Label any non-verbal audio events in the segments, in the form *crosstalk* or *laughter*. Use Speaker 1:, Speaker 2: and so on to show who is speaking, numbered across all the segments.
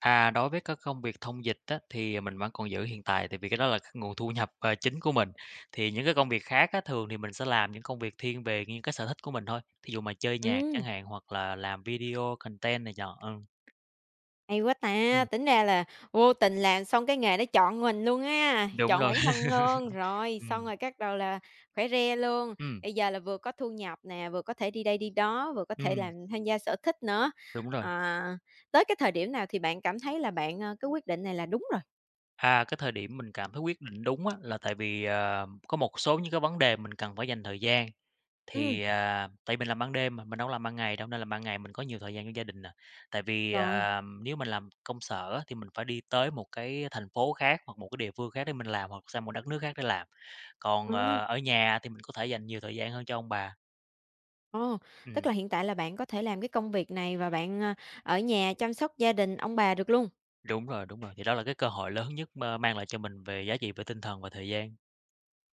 Speaker 1: À, đối với cơ công việc thông dịch á, thì, à, mình vẫn còn giữ hiện tại, tại vì cái đó là cái nguồn thu nhập, à, chính của mình. Thì những cái công việc khác á thường thì mình sẽ làm những công việc thiên về nghiêng cái sở thích của mình thôi, thí dụ mà chơi nhạc
Speaker 2: Ừm.
Speaker 1: chẳng hạn hoặc là làm video content này nhọ, ừm.
Speaker 2: Hay quá ta,
Speaker 1: Ừm.
Speaker 2: tính ra là vô tình làm xong cái nghề nó chọn mình luôn ha,
Speaker 1: Đúng
Speaker 2: chọn
Speaker 1: lồi.
Speaker 2: bản thân luôn,
Speaker 1: *chuckles*
Speaker 2: rồi, xong
Speaker 1: Ừm.
Speaker 2: rồi cắt đầu là khỏe re luôn.
Speaker 1: Ừm.
Speaker 2: Bây giờ là vừa có thu nhập nè, vừa có thể đi đây đi đó, vừa có thể làm
Speaker 1: Ừm.
Speaker 2: tham gia sở thích nữa.
Speaker 1: Đúng rồi.
Speaker 2: Ờ, tới cái thời điểm nào thì bạn cảm thấy là bạn, ơ, cái quyết định này là đúng rồi?
Speaker 1: À, cái thời điểm mình cảm thấy quyết định đúng á, là tại vì, ờm, có một số những cái vấn đề mình cần phải dành thời gian.
Speaker 2: Ừm.
Speaker 1: Thì, à, tại mình làm ban đêm mà, mình đâu có làm ban ngày đâu nên là ban ngày mình có nhiều thời gian cho gia đình nè. Tại vì,
Speaker 2: Rồi.
Speaker 1: ờm, nếu mà làm công sở thì mình phải đi tới một cái thành phố khác hoặc một cái địa phương khác để mình làm hoặc sang một đất nước khác để làm, còn,
Speaker 2: Ồ.
Speaker 1: ờ, ở nhà thì mình có thể dành nhiều thời gian hơn cho ông bà.
Speaker 2: Ồ, tức
Speaker 1: Ừm.
Speaker 2: là hiện tại là bạn có thể làm cái công việc này và bạn, ơ, ở nhà chăm sóc gia đình ông bà được luôn?
Speaker 1: Đúng rồi, đúng rồi. Vì đó là cái cơ hội lớn nhất, mơ, mang lại cho mình về giá trị về tinh thần và thời gian.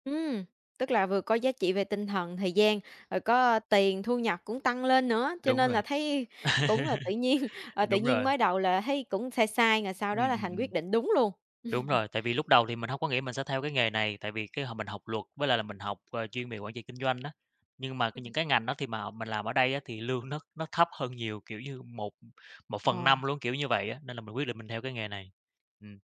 Speaker 2: Ừm, tức là vừa có giá trị về tinh thần, thời gian, rồi có, ơ, tiền thu nhập cũng tăng lên nữa, cho
Speaker 1: Đúng
Speaker 2: nên
Speaker 1: rồi.
Speaker 2: là
Speaker 1: *chuckles*
Speaker 2: thấy cũng là tự nhiên, à,
Speaker 1: A,
Speaker 2: tự
Speaker 1: đúng
Speaker 2: nhiên
Speaker 1: rồi.
Speaker 2: mới đầu là thấy cũng sai sai rồi sau
Speaker 1: Ừm,
Speaker 2: đó là
Speaker 1: ừm,
Speaker 2: thành quyết
Speaker 1: ừm.
Speaker 2: định đúng luôn.
Speaker 1: Đúng
Speaker 2: Ưm.
Speaker 1: rồi, tại vì lúc đầu thì mình hông có nghĩ mình sẽ theo cái nghề này, tại vì cái hồi mình học luật, với lại là mình học, a, chuyên về quản trị kinh doanh á, nhưng mà c
Speaker 2: Ừm.
Speaker 1: những cái ngành nó thì mà mình làm ở đây thì lương nó nó thấp hơn nhiều, kiểu như 1, ưm, một phần
Speaker 2: Ồ.
Speaker 1: năm luôn, kiểu như vậy á, nên là mình quyết định mình theo cái nghề này. Ừm.